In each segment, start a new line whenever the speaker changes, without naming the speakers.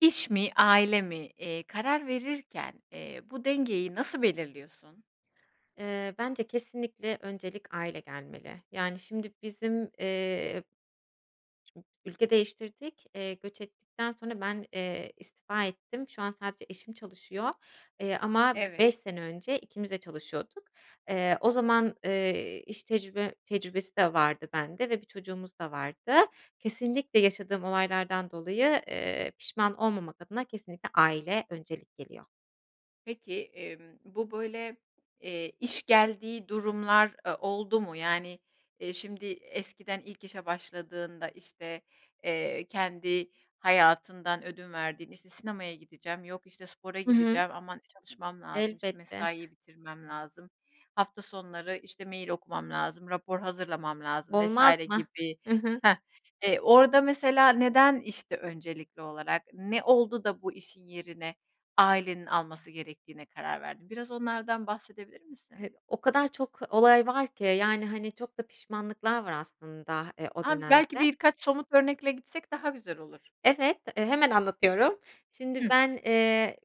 İş mi, ailemi, eee, karar verirken, eee, bu dengeyi nasıl belirliyorsun?
Iıı, bence kesinlikle öncelik aile gelmeli, yani şimdi bizim, eee Ülke değiştirdik, eee, göç ettikten sonra ben, eee, istifa ettim. Şu an sadece eşim çalışıyor, eee, ama b
Evet.
beş sene önce ikimiz de çalışıyorduk. Eee, o zaman, ııı, iş tecrübe tecrübesi de vardı bende ve bir çocuğumuz da vardı. Kesinlikle yaşadığım olaylardan dolayı, ııı, pişman olmamak adına kesinlikle aile öncelik geliyor.
Peki, emm, bu böyle, eee, iş geldiği durumlar, aaa, oldu mu? Yani, eee, şimdi eskiden ilk işe başladığında, işte, eee, kendi hayatından ödün verdiğinde, işte, sinemaya gideceğim, yok, işte, spora
Hı hı.
gideceğim aman çalışmam lazım, işte,
Elbette.
mesaiye bitirmem lazım, hafta sonları, işte, mail okumam lazım, rapor hazırlamam lazım vs.
Olmaz mı?
gibi
Hı hı.
Hah, eee, orada mesela neden, işte, öncelikli olarak, ne oldu da bu işin yerine ailenin alması gerektiğine karar verdin? Biraz onlardan bahsedebilir misin?
[unintelligible] O kadar çok olay var ki, yani, hani, çok da pişmanlıklar var aslında, eee, o
A, belki
dönemde.
birkaç somut bir örnekle gitsek daha güzel olur.
Evet, eee, hemen anlatıyorum. Şimdi
Hıı.
ben, eee,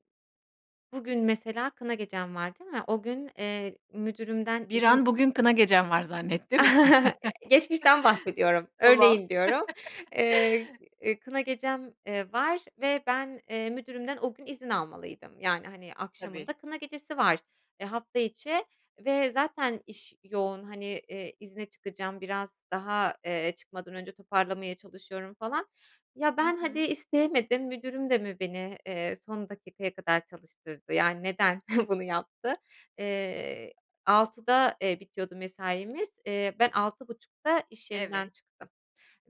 bugün mesela kına gecem var değil mi? O gün, eee, müdürümden
Bir
izin
an bugün kına gecen var zannettim.
Geçmişten bahsediyorum,
Tamam.
örneğin diyorum. Eee, kına gecem, ııı, var ve ben, eee, müdürümden o gün izin almalıydım. Yani, hani,
Tabii.
akşamında kına gecesi var, e, hafta içi ve zaten iş yoğun, hani, eee, izne çıkacağım biraz daha, eee, çıkmadan önce toparlamaya çalışıyorum falan. Ya,
Hı
ben hadi
hı.
isteyemedim, müdürüm de mi beni, eee, son dakikaya kadar çalıştırdı? Yani neden bunu yaptı? Eee, 18.00'da, eee, bitiyordu mesaimiz. Eee, ben 18.30'da iş yerinden
Evet.
çıktım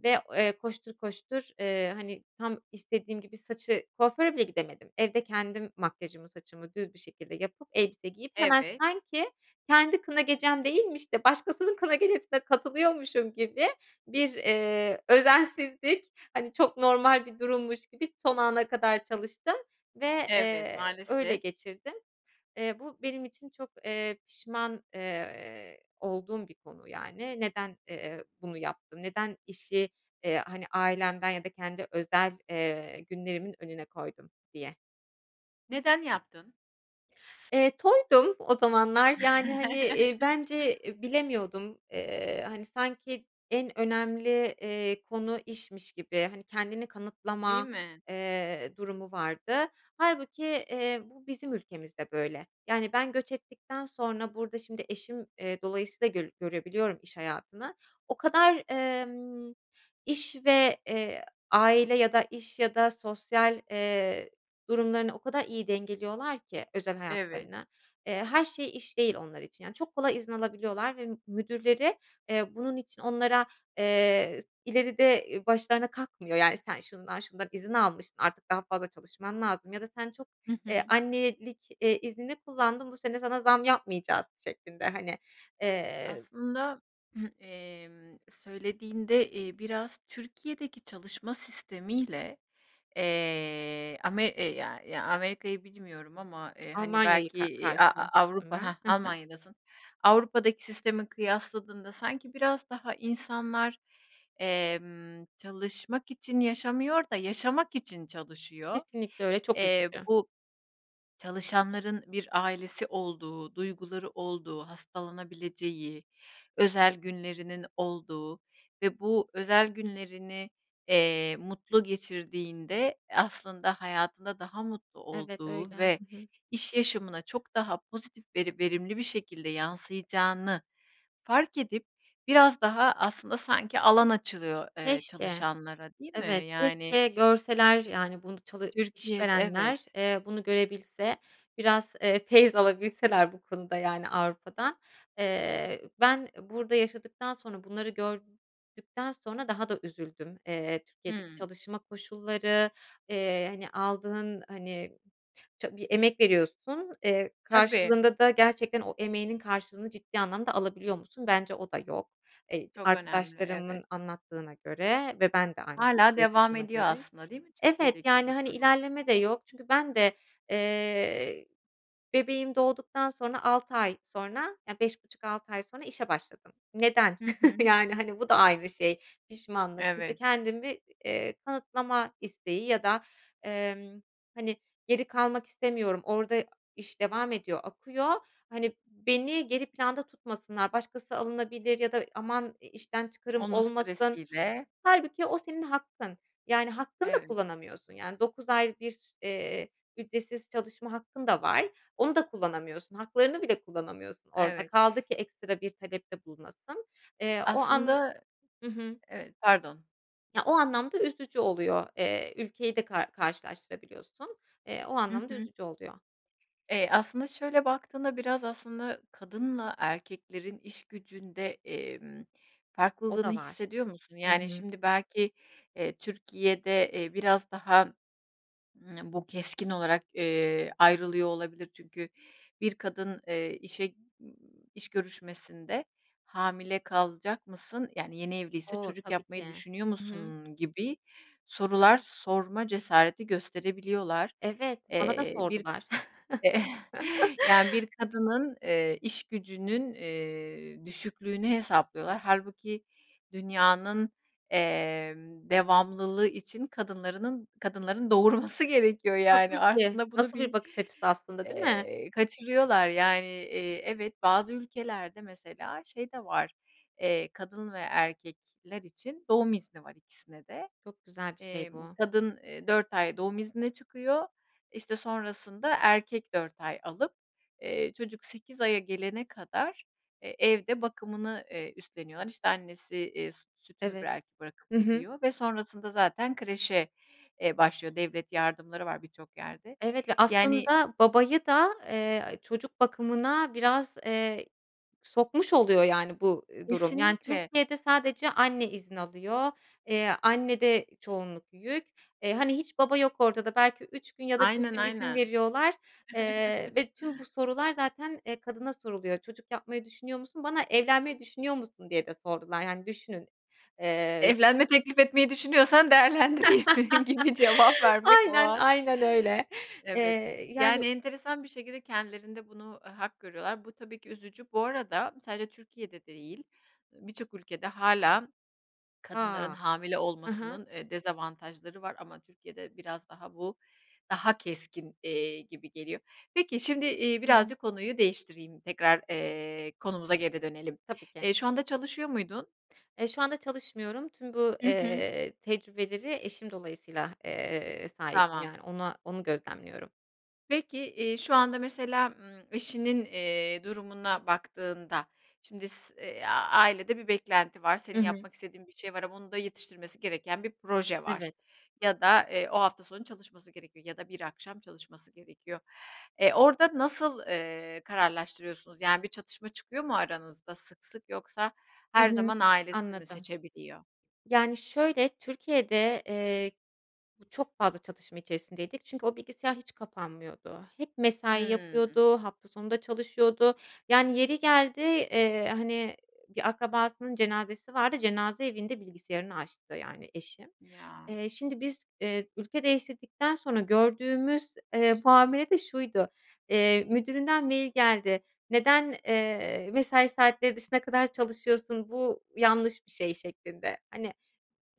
ve, eee, koştur koştur, ııı, hani tam istediğim gibi saçı kuaföre bile gidemedim. Evde kendim makyajımı, saçımı düz bir şekilde yapıp elbise giyip hemen
Evet.
sanki kendi kına gecem değilmiş de başkasının kına gecesine katılıyormuşum gibi bir, eee, özensizlik, hani, çok normal bir durummuş gibi son ana kadar çalıştım ve,
Evet,
eee, öyle
maalesef.
geçirdim. Eee, bu benim için çok, eee, pişman, eee, olduğum bir konu yani. Neden, eee, bunu yaptı, neden işi, eee, hani, ailemden ya da kendi özel, eee, günlerimin önüne koydum diye.
Neden yaptın?
Eee, toydum o zamanlar, yani, hani, eee, bence, eee, bilemiyordum, eee, hani, sanki en önemli, eee, konu işmiş gibi, hani, kendini
Değil
kanıtlama,
mi?
eee, durumu vardı. Hâlbuki, eee, bu bizim ülkemizde böyle. Yani ben göç ettikten sonra burada şimdi eşim, eee, dolayısıyla göl görebiliyorum iş hayatını. O kadar, emm, iş ve, eee, aile ya da iş ya da sosyal, eee, durumlarını o kadar iyi dengeliyorlar ki özel
Evet.
hayatlarını. Eee, her şey iş değil onlar için. Yani, çok kolay izin alabiliyorlar ve m müdürleri, eee, bunun için onlara, eee, s ileride, eee, başlarına kakmıyor, yani, "Sen şundan şundan izin almıştın, artık daha fazla çalışman lazım ya da sen çok,
Hı hı.
eee, annelik, eee, iznini kullandın, bu sene sana zam yapmayacağız." şeklinde, hani. Eee
Aslında, emm, söylediğinde, eee, biraz Türkiye'deki çalışma sistemiyle, eee, ame e ya ya Amerika'yı bilmiyorum ama, eee, hani,
Almanya'yı
belki,
ka
eee, a a
karşılaştırdım
Avrupa
ben.
Hah,
Hı hı.
Almanya'dasın. Avrupa'daki sistemi kıyasladığında sanki biraz daha insanlar, emm, çalışmak için yaşamıyor da yaşamak için çalışıyor.
Kesinlikle öyle, çok
Eee,
üzücü.
bu çalışanların bir ailesi olduğu, duyguları olduğu, hastalanabileceği, özel günlerinin olduğu ve bu özel günlerini, eee, mutlu geçirdiğinde aslında hayatında daha mutlu
Evet, öyle.
olduğu ve
Hı hı.
iş yaşamına çok daha pozitif veri verimli bir şekilde yansıyacağını fark edip biraz daha aslında sanki alan açılıyor, eee,
Keşke.
çalışanlara, değil mi?
Evet,
Yani
keşke görseler, yani, bunu çalı
Türkiye'de
işverenler,
Evet.
eee, bunu görebilse biraz, eee, feyzalabilseler bu konuda, yani, Avrupa'dan. Eee, ben burada yaşadıktan sonra, bunları gördükten sonra daha da üzüldüm, eee, Türkiye'deki
Hımm.
çalışma koşulları, eee, hani, aldığın, hani, ça bir emek veriyorsun. Eee,
Tabii.
karşılığında da gerçekten o emeğinin karşılığını ciddi anlamda alabiliyor musun? Bence o da yok. Eee,
Çok önemli, evet.
arkadaşlarımın anlattığına göre ve ben de aynı şekilde
Hâlâ devam
yaşadığıma
ediyor
göre
aslında, değil mi,
Evet,
Türkiye'deki bu
yani, hani,
durum?
ilerleme de yok çünkü ben de, eee, bebeğim doğduktan sonra 6 ay sonra ya, 5,5-6 ay sonra işe başladım. Neden?
Hı hı.
Yani, hani, bu da ayrı şey, pişmanlık. Bu da
Evet.
kendimi, eee, kanıtlama isteği ya da, emm, hani, geri kalmak istemiyorum, orada iş devam ediyor, akıyor, hani, beni geri planda tutmasınlar, başkası alınabilir ya da aman i işten çıkarım
Onun
olmasın.
stresiyle.
Hâlbuki o senin hakkın. Yani, hakkını da
Evet.
kullanamıyorsun, yani, 9 ay bir s eee, ücretsiz çalışma hakkın da var. Onu da kullanamıyorsun, haklarını bile kullanamıyorsun orada.
Evet.
Kaldı ki ekstra bir talepte bulunasın. Eee, o an
Aslında
I hı.
Evet. Pardon.
Ya, o anlamda üzücü oluyor. Eee, ülkeyi de ka karşılaştırabiliyorsun, eee, o
Hı
anlamda
hı.
üzücü oluyor.
Eee, aslında, şöyle baktığında biraz aslında kadınla erkeklerin işgücünde, emm,
O
farklılığını
da var.
hissediyor musun?
Hı
Yani,
hı.
şimdi, belki, eee, Türkiye'de, eee, biraz daha, ımm, bu keskin olarak, eee, ayrılıyor olabilir. Çünkü bir kadın, eee, işe iş görüşmesinde, "Hamile kalacak mısın?" yani, yeni evliyse
O!
"Çocuk
Tabii
yapmayı
ki.
düşünüyor
Hı hı.
musun?" gibi sorular sorma cesareti gösterebiliyorlar.
Evet, bana da
Eee, bir
sordular.
Yani, bir kadının, eee, işgücünün, eee, düşüklüğünü hesaplıyorlar hâlbuki dünyanın, emm, devamlılığı için kadınlarının kadınların doğurması gerekiyor, yani,
Tabii ki
aslında bunu
nasıl
bir,
bir bakış açısı aslında, değil mi?
eee, kaçırıyorlar, yani. Eee, evet, bazı ülkelerde mesela şey de var, eee, kadın ve erkekler için doğum izni var ikisine de.
Çok güzel bir şey
Emm,
bu.
kadın, eee, 4 ay doğum iznine çıkıyor, işte, sonrasında erkek 4 ay alıp, eee, çocuk 8 aya gelene kadar, eee, evde bakımını, eee, üstleniyorlar. İşte, annesi, eee, süt sütünü
Evet.
belki
Hı
bırakıp
hı.
gidiyor ve sonrasında zaten kreşe, eee, başlıyor. Devlet yardımları var birçok yerde.
Evet ve
Yani
aslında babayı da, eee, çocuk bakımına biraz, eee, sokmuş oluyor, yani, bu, eee, durum. Yani,
Kesinlikle.
Türkiye'de sadece anne izin alıyor. Eee, annede çoğunluk yük. Eee, hani, hiç baba yok ortada belki 3 gün ya da 1
Aynen,
gün izin
aynen.
veriyorlar, eee, ve tüm bu sorular zaten, eee, kadına soruluyor. "Çocuk yapmayı düşünüyor musun?" Bana, "Evlenmeyi düşünüyor musun?" diye de sordular, yani, düşünün. Eee, s
Evlenme teklifi etmeyi düşünüyorsan değerlendireyim gibi cevap vermek o
Aynen,
an.
aynen öyle.
Evet,
Eee, yani
yani, enteresan bir şekilde kendilerinde bunu, eee, hak görüyorlar. Bu tabii ki üzücü. Bu arada sadece Türkiye'de değil, eee, birçok ülkede hâlâ kadınların
A!
hamile
Ha ha.
olmasının, eee, dezavantajları var ama Türkiye'de biraz daha bu, daha keskin, eee, gibi geliyor. Peki şimdi, eee,
Hı hı.
birazcık konuyu değiştireyim, tekrar, eee, konumuza geri dönelim.
Tabii ki.
Eee, şu anda çalışıyor muydun?
Eee, şu anda çalışmıyorum. Tüm bu,
Hı hı.
eee, tecrübeleri eşim dolayısıyla, eee, sahibim,
Tamam.
yani, ona onu gözlemliyorum.
Peki, iii, şu anda mesela, ımm, eşinin, eee, durumuna baktığında şimdi s eee, ailede bir beklenti var, senin
Hı hı.
yapmak istediğin bir şey var ama onun da yetiştirmesi gereken bir proje var
Evet.
ya da, eee, o hafta sonu çalışması gerekiyor ya da bir akşam çalışması gerekiyor. E, orada nasıl, eee, kararlaştırıyorsunuz yani bir çatışma çıkıyor mu aranızda sık sık yoksa
Hı
her
hı.
zaman ailesini mi
Anladım.
seçebiliyor?
Yani, şöyle, Türkiye'de, eee, bu çok fazla çatışma içerisindeydik çünkü o bilgisayar hiç kapanmıyordu. Hep mesai
Hıı.
yapıyordu, hafta sonu da çalışıyordu. Yani yeri geldi, eee, hani, bir akrabasının cenazesi vardı, cenaze evinde bilgisayarını açtı yani eşim.
Ya.
Eee, şimdi biz, eee, ülke değiştirdikten sonra gördüğümüz, eee, muamele de şuydu. Eee, müdüründen mail geldi. Neden, eee, mesai saatleri dışına kadar çalışıyorsun, bu yanlış bir şey şeklinde. Hani,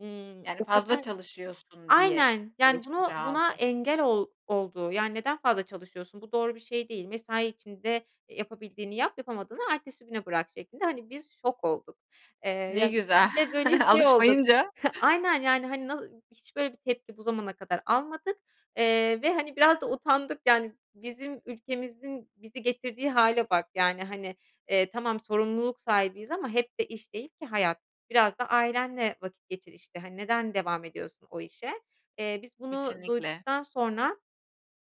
ımm,
Yani
o
fazla
kadar
çalışıyorsun diye
Aynen yani
eleştiri
bunu buna
aldı.
engel ol oldu yani neden fazla çalışıyorsun, bu doğru bir şey değil, mesai içinde, eee, yapabildiğini yap, yapamadığını ertesi güne bırak şeklinde. Hani, biz şok olduk. Eee,
Ne
ya
güzel,
bir de böyle şey olduk.
alışmayınca...
Aynen yani, hani, na hiç böyle bir tepki bu zamana kadar almadık, eee, ve, hani, biraz da utandık yani bizim ülkemizin bizi getirdiği hâle bak yani, hani, eee, tamam, sorumluluk sahibiyiz ama hep de iş değil ki hayat. Biraz da ailenle vakit geçir işte. Hani, neden devam ediyorsun o işe? Eee, biz bunu
Kesinlikle.
duyduktan sonra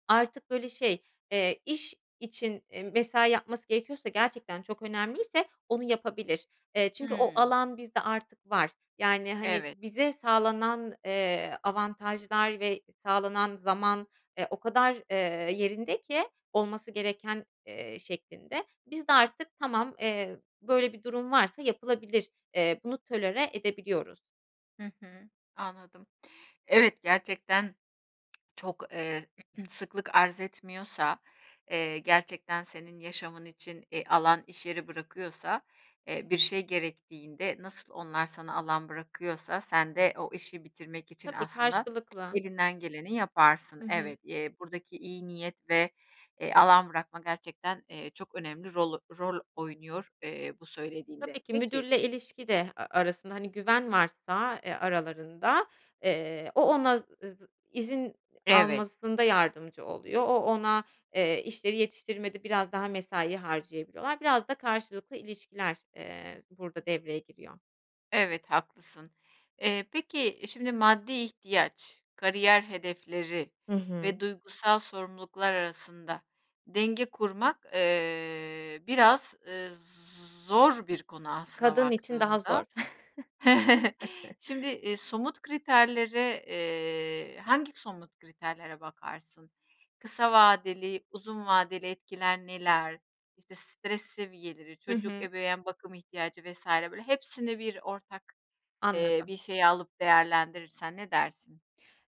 artık böyle şey, eee, iş için, eee, mesai yapması gerekiyorsa gerçekten çok önemliyse onu yapabilir. Eee, çünkü o
Hıı.
alan bizde artık var. Yani, hani,
Evet.
bize sağlanan, eee, avantajlar ve sağlanan zaman, eee, o kadar, eee, yerinde ki olması gereken, eee, şeklinde, biz de artık tamam, eee, böyle bir durum varsa yapılabilir. Eee, bunu tolere edebiliyoruz.
Hı hı, anladım. Evet, gerçekten çok, eee, sıklık arz etmiyorsa, eee, gerçekten senin yaşamın için, eee, alan iş yeri bırakıyorsa, eee, bir şey gerektiğinde nasıl onlar sana alan bırakıyorsa sen de o işi bitirmek için
Tabii,
aslında
karşılıklı.
elinden geleni yaparsın.
Hı hı.
Evet, eee, buradaki iyi niyet ve, eee, alan bırakma gerçekten, eee, çok önemli rol rol oynuyor, eee, bu
Tabii
söylediğinde.
ki
Peki
müdürle ilişki de, eee, arasında, hani, güven varsa, eee, aralarında, eee, o ona, [unintelligible] ııı, izin
Evet.
almasında yardımcı oluyor, o ona, eee, işleri yetiştirmede biraz daha mesai harcayabiliyorlar. Biraz da karşılıklı ilişkiler, eee, burada devreye giriyor.
Evet, haklısın. Eee, peki, şimdi maddi ihtiyaç, kariyer hedefleri
Hı hı.
ve duygusal sorumluluklar arasında denge kurmak, eee, biraz, eee, z zor bir konu, aslına
Kadın için daha
baktığında.
zor.
Şimdi, eee, somut kriterlere, eee, hangi somut kriterlere bakarsın? Kısa vadeli, uzun vadeli etkiler neler, işte, stres seviyeleri,
Hı
çocuk
hı.
ebeveyn bakım ihtiyacı vs. böyle hepsini bir ortak, eee,
Anladım.
bir şey alıp değerlendirirsen ne dersin?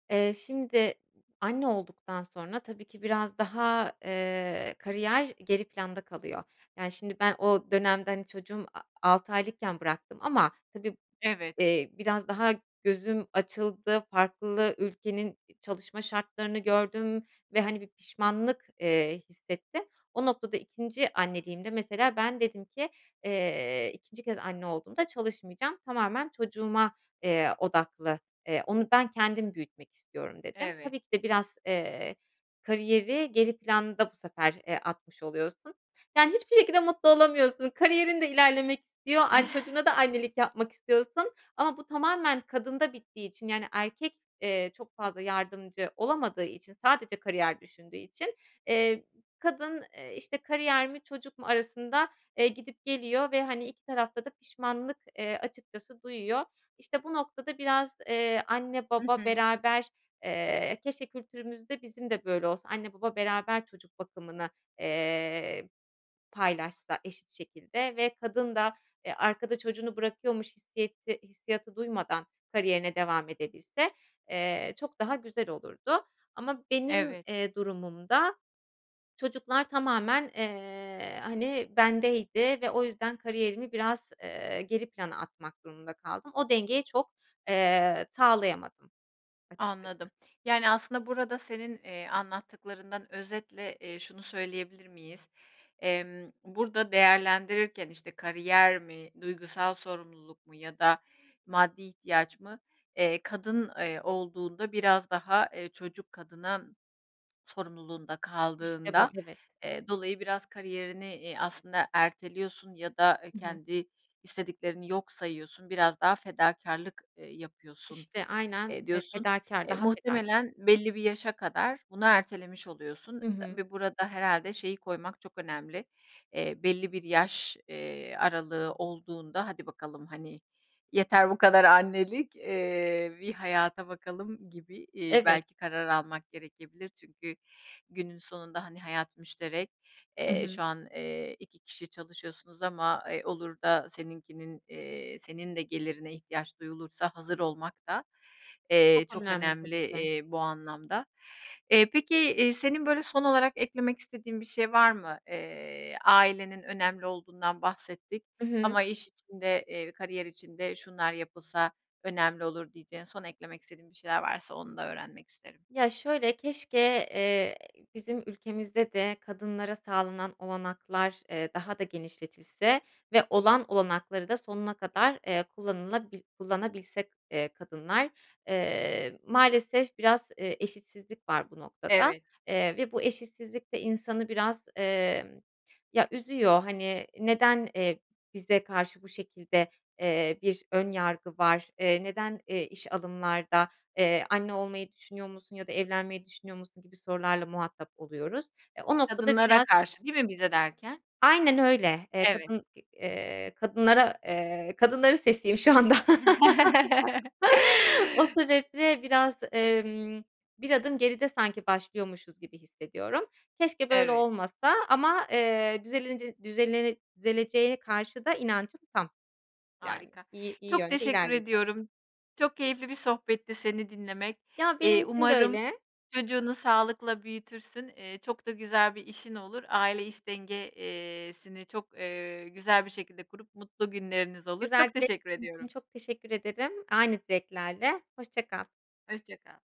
Eee, şimdi anne olduktan sonra tabii ki biraz daha, eee, kariyer geri planda kalıyor. Yani, şimdi ben o dönemde, hani, çocuğum a altı aylıkken bıraktım ama tabii,
Evet.
eee, biraz daha gözüm açıldı. Farklı ülkenin i çalışma şartlarını gördüm ve hani bir pişmanlık, eee, hissettim. O noktada 2'nci anneliğimde, mesela, ben dedim ki eee 2'nci kez anne olduğumda çalışmayacağım. Tamamen çocuğuma, eee, odaklı, eee, onu ben kendim büyütmek istiyorum dedim.
Evet.
Tabii ki de biraz, eee, kariyeri geri planda bu sefer, eee, atmış oluyorsun. Yani, hiçbir şekilde mutlu olamıyorsun. Kariyerin de ilerlemek istiyor, ay, çocuğuna da annelik yapmak istiyorsun. Ama bu tamamen kadında bittiği için yani, erkek, eee, çok fazla yardımcı olamadığı için, sadece kariyer düşündüğü için, eee, kadın, eee, işte, kariyer mi çocuk mu arasında, eee, gidip geliyor. Ve hani 2 tarafta da pişmanlık, eee, açıkçası duyuyor. İşte, bu noktada biraz, eee, anne
Hı
baba
hı.
beraber eee, keşke kültürümüzde bizim de böyle olsa, anne baba beraber çocuk bakımını, eee, paylaşsa eşit şekilde ve kadın da, eee, arkada çocuğunu bırakıyormuş hissiyeti hissiyatı duymadan kariyerine devam edebilse, eee, çok daha güzel olurdu. Ama benim,
Evet.
eee, durumumda çocuklar tamamen, eee, hani, bendeydi ve o yüzden kariyerimi biraz, eee, geri plana atmak durumunda kaldım. O dengeyi çok, eee, sağlayamadım.
Anladım.
[unintelligible]
Yani, aslında burada senin, eee, anlattıklarından özetle, eee, şunu söyleyebilir miyiz? Emm, burada değerlendirirken işte kariyer mi, duygusal sorumluluk mu ya da maddi ihtiyaç mı? Eee, kadın, eee, olduğunda biraz daha, eee, çocuk kadına sorumluluğunda
İşte bu,
kaldığında,
evet.
eee, dolayı biraz kariyerini, eee, aslında erteliyorsun ya da, eee,
Hı hı.
kendi istediklerini yok sayıyorsun, biraz daha fedakârlık, eee, yapıyorsun,
İşte, aynen
eee,
fe
diyorsun.
fedakâr,
Eee,
daha fedakâr.
muhtemelen belli bir yaşa kadar bunu ertelemiş oluyorsun.
Hı hı.
Ve burada herhâlde şeyi koymak çok önemli. Eee, belli bir yaş eee, aralığı olduğunda: "Hadi bakalım, hani, yeter bu kadar annelik, eee, bir hayata bakalım." gibi, iii,
Evet.
belki karar almak gerekebilir. Çünkü günün sonunda, hani, hayat müşterek,
Hı
eee,
hı.
şu an, eee, 2 kişi çalışıyorsunuz ama, eee, olur da seninkinin, eee, senin de gelirine ihtiyaç duyulursa hazır olmak da,
Çok
eee, çok
önemli,
önemli,
tabii ki.
eee, bu anlamda. Eee, peki, eee, senin böyle son olarak eklemek istediğin bir şey var mı? Eee, ailenin önemli olduğundan bahsettik
Hı hı.
ama iş içinde, kariyer içinde şunlar yapılsa önemli olur diyeceğin, son eklemek istediğin bir şeyler varsa onu da öğrenmek isterim.
Ya şöyle, keşke, eee, bizim ülkemizde de kadınlara sağlanan olanaklar, eee, daha da genişletilse ve olan olanakları da sonuna kadar, eee, kullanılabil kullanabilsek, eee, kadınlar. Eee, maalesef biraz, eee, eşitsizlik var bu noktada,
Evet.
eee, ve bu eşitsizlik de insanı biraz, eee, ya üzüyor. Hani, neden, eee bize karşı bu şekilde, eee, bir ön yargı var? Eee, neden, eee, iş alımlarda, eee, ‘Anne olmayı düşünüyor musun?' ya da 'Evlenmeyi düşünüyor musun?' gibi sorularla muhatap oluyoruz. Eee, o noktada
Kadınlara
biraz
karşı değil mi, bize derken?
Aynen öyle. Eee,
Evet.
kadın, eee, kadınlara, eee, kadınların sesiyim şu anda. O sebeple biraz, emm, bir adım geride sanki başlıyormuşuz gibi hissediyorum. Keşke böyle
Evet.
olmasa ama, eee, düzelinici düzelene düzeleneceğine karşı da inancım tam. Yani,
Harika.
iyi iyi
Çok
yönde
teşekkür
ilerleyeceğiz.
ediyorum. Çok keyifli bir sohbetti seni dinlemek.
Ya, benim
Eee,
için de
umarım
öyle.
çocuğunu sağlıkla büyütürsün. Eee, çok da güzel bir işin olur. Aile iş denge eee, sini çok eee, güzel bir şekilde kurup mutlu günleriniz olur.
Güzel
Çok
dilek
teşekkür
[unintelligible] için
ediyorum.
çok teşekkür ederim, aynı dileklerle, hoşça kal.
Hoşça kal.